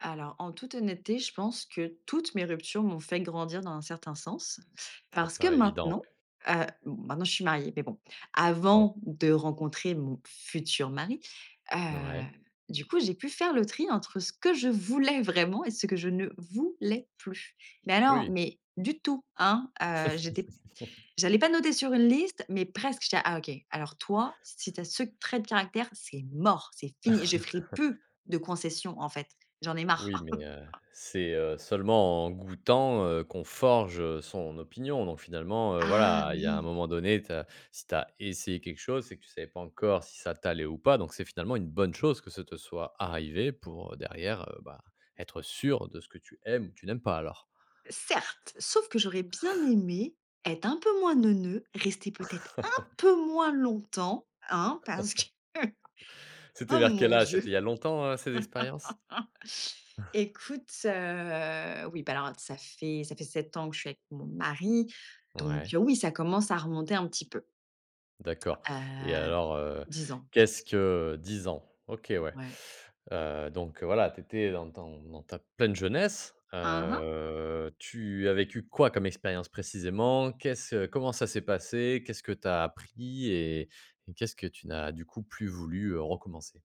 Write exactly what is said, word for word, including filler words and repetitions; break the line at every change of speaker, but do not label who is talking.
Alors, en toute honnêteté, je pense que toutes mes ruptures m'ont fait grandir dans un certain sens
Ça
parce que
paraît évident,
maintenant,
ouais.
heu, m maintenant je suis mariée mais bon,
Ouais.
avant de rencontrer mon futur mari. Heu,
Ouais.
du coup j'ai pu faire le tri entre ce que je voulais vraiment et ce que je ne voulais plus, mais alors
Oui.
mais du tout hein, heu, j'étais p j'allais pas noter sur une liste mais presque. J'étais là: «ah OK! Alors toi si tu as ce trait de caractère, c'est mort, c'est fini. Je ferai plus de concessions en fait, j'en ai marre».
Oui, mais heu, c'est, heu, seulement en goûtant, heu, qu'on forge, heu, son opinion donc finalement, heu,
Ah
voilà, il y a un
oui!
moment donné tu as si tu as essayé quelque chose, c'est que tu savais pas encore si ça t'allait ou pas, donc c'est finalement une bonne chose que ce te soit arrivé pour, heu, derrière bah, être sûr de ce que tu aimes ou tu n'aimes pas alors.
Certes, sauf que j'aurais bien aimé être un peu moins neuneu, rester peut-être un peu moins longtemps hein parce que
C'était
oh
vers quel
mon
âge?
Dieu!
C'était il y a longtemps, heu, ces expériences?
Écoute, heu, oui bah alors ça fait ça fait sept ans que je suis avec mon mari, donc
Ouais.
heu, oui, ça commence à remonter un petit peu.
D'accord et
Heu,
alors, heu,
dix ans je
qu'est-ce
pense.
que dix ans. OK ouais.
Ouais.
Heu, donc heu, voilà, tu étais dans ton dans ta pleine jeunesse.
Hein hein.
Heu, tu as vécu quoi comme expérience précisément? Qu'est-ce comment ça s'est passé? Qu'est-ce que tu as appris et et qu'est-ce que tu n'as du coup plus voulu, heu, recommencer?